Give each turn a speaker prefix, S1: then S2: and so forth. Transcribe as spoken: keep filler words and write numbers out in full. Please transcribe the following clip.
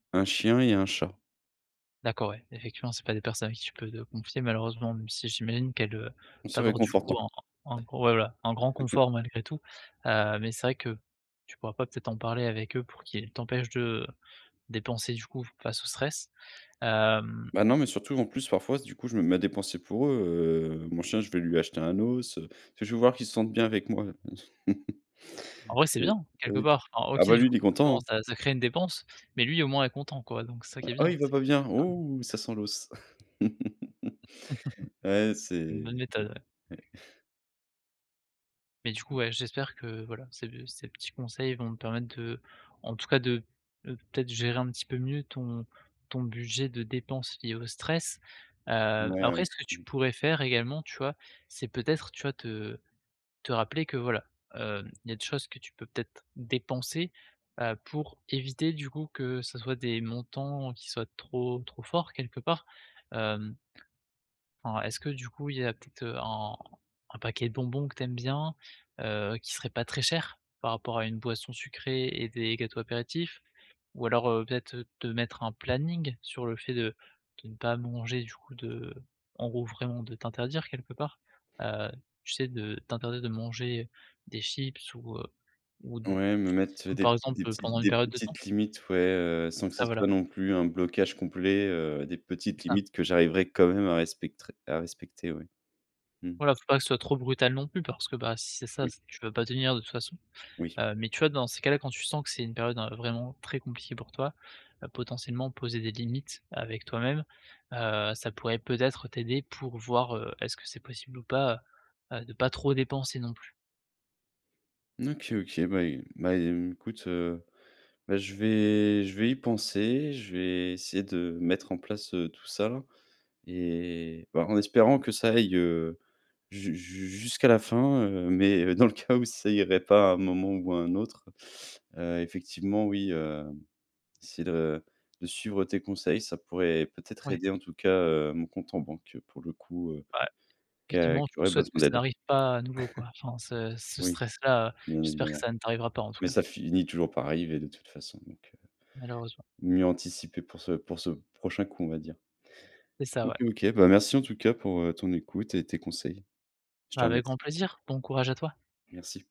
S1: Un chien et un chat.
S2: D'accord, ouais, effectivement, c'est pas des personnes à qui tu peux te confier, malheureusement, même si j'imagine qu'elles, heu,
S1: C'est
S2: t'apportent, du coup,
S1: réconfortant.
S2: en en ouais, voilà, un grand confort malgré tout, heu, mais c'est vrai que tu pourras pas peut-être en parler avec eux pour qu'ils t'empêchent de dépenser, du coup, face au stress. Hem
S1: Bah, non, mais surtout, en plus, parfois, du coup, je me mets à dépenser pour eux, heu, mon chien, je vais lui acheter un os, heu, [unintelligible] je veux voir qu'il se sente bien avec moi je pense.
S2: En vrai, c'est
S1: C'est,
S2: bien quelque
S1: oui
S2: part, enfin
S1: ah,
S2: OK,
S1: bah,
S2: du
S1: lui, il
S2: coup,
S1: est content,
S2: forcément,
S1: hein.
S2: ça ça crée une dépense mais lui, au moins, est content, quoi, donc c'est ça qui est
S1: Ah,
S2: bien.
S1: il va
S2: C'est
S1: pas
S2: que
S1: bien!
S2: ça permet
S1: Oh, ça sent l'os! Ouais,
S2: Une bonne
S1: c'est,
S2: méthode, ouais.
S1: mmh, ouais.
S2: Mais du coup, ouais, j'espère que, voilà, ces, heu, ces petits conseils vont te permettre de en tout cas, de, heu, peut-être, gérer un petit peu mieux ton ton budget de dépenses liées au stress, heu,
S1: Mouais, ouais,
S2: après ce que tu
S1: mmh.
S2: pourrais faire également, tu vois? C'est peut-être, tu vois? Te te rappeler que, voilà, heu, il y a des choses que tu peux peut-être dépenser, heu, pour éviter, du coup, que ce soit des montants qui soient trop, trop forts quelque part, hem enfin, est-ce que du coup, il y a peut-être un un paquet de bonbons que tu aimes bien, heu, qui serait pas très cher par rapport à une boisson sucrée et des gâteaux apéritifs, ou alors, heu, peut-être te mettre un planning sur le fait de de ne pas manger du coup de en gros, vraiment, de t'interdire quelque part, heu, tu sais? De t'interdire de manger des chips ou heu, ou du
S1: Ouais, me mettre,
S2: saucisson,
S1: heu,
S2: par
S1: des des
S2: exemple,
S1: petites
S2: pendant une
S1: des
S2: période de temps?
S1: petites limites, ouais, heu, sans
S2: C'est
S1: que
S2: ça,
S1: ça
S2: voilà.
S1: soit non plus un blocage complet, heu, des
S2: C'est
S1: petites
S2: ça.
S1: limites que j'arriverai quand même à respectrer à respecter, oui. Mmh.
S2: Voilà, faut pas que ce soit trop brutal non plus parce que, bah, si c'est ça,
S1: Oui.
S2: c'est tu peux pas tenir de toute façon,
S1: Oui.
S2: hem, mais tu vois dans ces cas-là quand tu sens que c'est une période, heu, vraiment très compliquée pour toi, heu, potentiellement poser des limites avec toi-même, heu, ça pourrait peut-être t'aider pour voir, heu, est-ce que c'est possible ou pas, heu heu, de pas trop dépenser non plus?
S1: OK OK, bah é bah, écoute, heu, bah, je vais je vais y penser, je vais essayer de mettre en place, heu, tout ça et bah, en espérant que ça aille, heu, ju ju jusqu'à la fin, heu, mais dans le cas où ça irait pas à un moment ou à un autre, heu, effectivement, oui, heu, c'est de de suivre tes conseils, ça pourrait peut-être
S2: Ouais.
S1: aider, en tout cas, heu, mon compte en banque pour le coup, heu,
S2: Ouais.
S1: qui a
S2: Effectivement,
S1: qui
S2: je vous
S1: aurait
S2: souhaite que
S1: besoin
S2: ça
S1: d'aide.
S2: arrive pas à nouveau, quoi, enfin, ce ce
S1: Oui,
S2: stress-là, heu,
S1: bien
S2: j'espère que
S1: évidemment
S2: ça ne t'arrivera pas, en tout
S1: mais
S2: cas.
S1: ça finit toujours par arriver de toute façon, donc heu,
S2: Malheureusement.
S1: mieux anticiper pour ce pour ce, prochain coup, on va dire.
S2: C'est ça,
S1: OK,
S2: ouais.
S1: OK, bah, merci en tout cas pour, heu, ton écoute et tes conseils. Je te reme
S2: Avec grand plaisir, bon courage à toi!
S1: Merci.